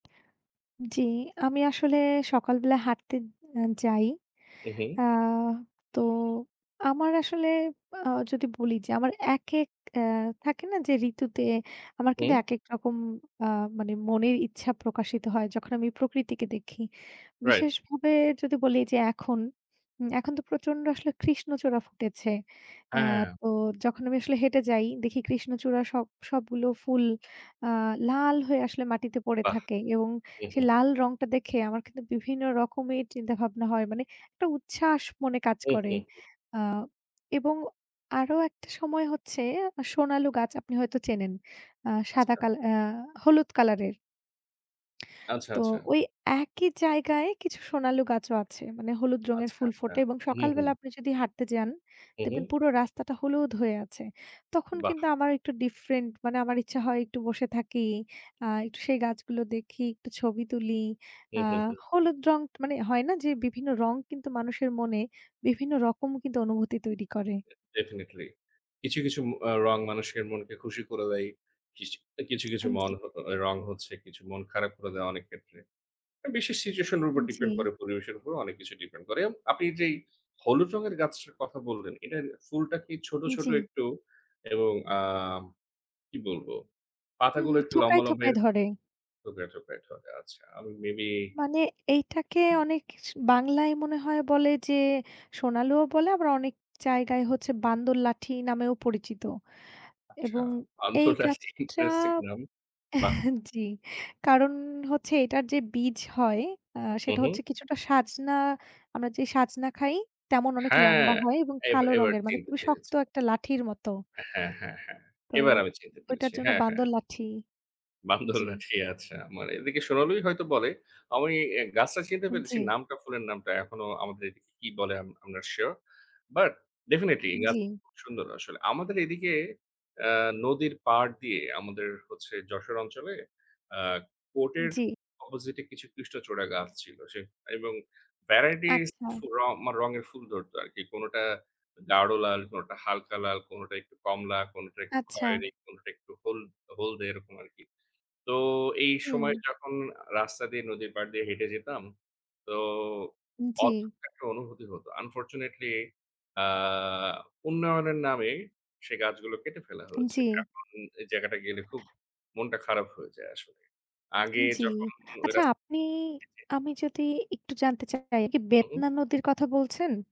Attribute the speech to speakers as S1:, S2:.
S1: জ্বী, আমি আসলে সকালবেলা হাঁটতে অ্যা যাই।
S2: উঁ, হু।
S1: আ তো, আমার আসলে আ যদি বলি যে আমার একেক অ্যা থাকে না যে ঋতুতে, আমার কিন্তু
S2: হুম।
S1: একেক রকম আ মানে মনের ইচ্ছা প্রকাশিত হয়, যখন আমি প্রকৃতিকে দেখি।
S2: রাইট।
S1: বিশেষভাবে যদি বলি যে এখন, উম এখন তো প্রচন্ড আসলে কৃষ্ণচূড়া ফুটেছে। অ্যা
S2: হ্যাঁ।
S1: তো যখন আমি আসলে হেঁটে যাই, দেখি কৃষ্ণচূড়া সব সবগুলো ফুল আ লাল হয়ে আসলে মাটিতে পড়ে
S2: বাহ!
S1: থাকে। এবং
S2: হু, হু।
S1: সেই লাল রংটা দেখে আমার কিন্তু বিভিন্ন রকমের চিন্তা ভাবনা হয়। মানে একটা উচ্ছ্বাস মনে কাজ
S2: হুম,
S1: করে। আ
S2: হুম।
S1: এবং আরো একটা সময় হচ্ছে, সোনালু গাছ আপনি হয়তো চেনেন। আ সাদা
S2: আচ্ছা।
S1: কাল অ্যা হলুদ কালার এর।
S2: আচ্ছা,
S1: তো,
S2: আচ্ছা।
S1: ওই একই জায়গায় কিছু সোনালু গাছও আছে। মানে হলুদ রঙের
S2: আচ্ছা,
S1: ফুল
S2: আচ্ছা।
S1: ফোটে এবং
S2: হু, হু।
S1: সকালবেলা আপনি যদি হাঁটতে যান,
S2: হুঁ,
S1: দেখবেন
S2: হুঁ।
S1: পুরো রাস্তাটা হলুদ হয়ে আছে। তখন
S2: বাহ!
S1: কিন্তু আমার একটু ডিফরেন্ট মানে আমার ইচ্ছা হয় একটু বসে থাকি। আ একটু সেই গাছগুলো দেখি, একটু ছবি তুলি।
S2: হু,
S1: আ
S2: হু, হু।
S1: হলুদ রং ট মানে হয় না যে বিভিন্ন রং কিন্তু মানুষের মনে, বিভিন্ন রকম কিন্তু অনুভূতি তৈরি করে।
S2: ডেফেনেটলি কিছু, কিছু, আ রং মানুষের মনকে খুশি করে দেয়। কিসি অ্যা কিছু, কিছু,
S1: আন জ্বী।
S2: মানহো অ্যা রং হচ্ছে, কিছু মন খারাপ করে দেয় অনেক ক্ষেত্রে। অ্যা বিশেষ situation এর উপর ডিপেন্ড
S1: জ্বী।
S2: করে পরিবেশের উপর অনেক কিছু ডিপেন করে। অ্যান আপনি যেই, হলুদ
S1: উম
S2: রঙের গাছটার কথা বললেন, এটার ফুলটা কি ছোট, ছোট,
S1: জ্বি।
S2: একটু এবং আম কি বলব,
S1: হু,
S2: পাতাগুলো
S1: হু,
S2: একটু
S1: থোকায়,
S2: লম্বা, লম্বা
S1: থোকায়
S2: এরক
S1: ধরে।
S2: থোকায়, থোকায়, ধরে আচ্ছা। আমি মেবি
S1: মানে, এইটাকে অনেক কিছু বাংলায় মনে হয় বলে যে, সোনালু ও বলে আমরা অনেক জায়গায় হচ্ছে বান্দর লাঠি নামেও পরিচিত
S2: আচ্ছা
S1: এবং এই
S2: আন্তরা [unintelligible]
S1: গাছটা
S2: ইমপ্রেসি নাম বাহ!
S1: জ্বি। কারণ হচ্ছে এটার যে বীজ হয়, অ্যা
S2: হুঁ,
S1: সেটা
S2: হুঁ।
S1: হচ্ছে কিছুটা সাজনা, আমরা যে সাজনা খাই, তেমন অনেক
S2: হ্যাঁ!
S1: লম্বা হয় এবং
S2: এইবা
S1: কালো
S2: এবার
S1: রঙের মানে
S2: চিনতে
S1: খুবই
S2: পেরেছি।
S1: শক্ত একটা লাঠির মতো।
S2: হ্যাঁ, হ্যাঁ, হ্যাঁ।
S1: তো
S2: এবার আমি চিনতে পেরেছি।
S1: ওইটার জন্য
S2: হ্যাঁ, হ্যাঁ।
S1: বান্দর লাঠি জ্বি।
S2: বান্দরলাঠি আচ্ছা মানে এদিকে সোনালুই হয়তো বলে। আমি এ গাছটা চিনতে পেরেছি,
S1: জ্বী।
S2: নামটা ফুলের নামটা এখনো আমাদের এদিকে কি বলে আম I'm not sure but definitely এ গাছ
S1: জ্বি।
S2: খুব সুন্দর আসলে। আমাদের এদিকে অ্যা নদীর পাড় দিয়ে আমাদের হচ্ছে যশোর অঞ্চলে, আ কোর্টের
S1: জ্বি।
S2: অপোজিট এ কিছু কৃষ্ণচূড়া গাছ ছিল। সে এবং ভ্যারাইটিজ
S1: আচ্ছা।
S2: ফু আমার রঙের ফুল ধরত আরকি। কোনটা গাঢ় লাল, কোনটা হালকা লাল, কোনটা একটু কমলা, কোনটা একটু
S1: আচ্ছা।
S2: খয়রি, কোনটা একটু হল হলদে এরকম আরকি। তো এই সময়
S1: হুম।
S2: যখন রাস্তা আ দিয়ে নদীর পাড় দিয়ে হেঁটে যেতাম, তো
S1: জ্বি।
S2: অদ্ভুত একটা অনুভূতি হত। Unfortunately আ উন্নয়নের নামে সেই গাছগুলো কেটে ফেলা হয়েছে।
S1: জ্বি।
S2: এখন এই জায়গাটা গেলে খুব মনটা খারাপ হয়ে যায় আসলে। আগে
S1: জ্বি।
S2: যখন ওই
S1: আচ্ছা
S2: রাস
S1: আপনি
S2: জি, জি।
S1: আমি যদি একটু জানতে চাই এ কি বেতনা
S2: উম-হুম।
S1: নদীর কথা বলছেন?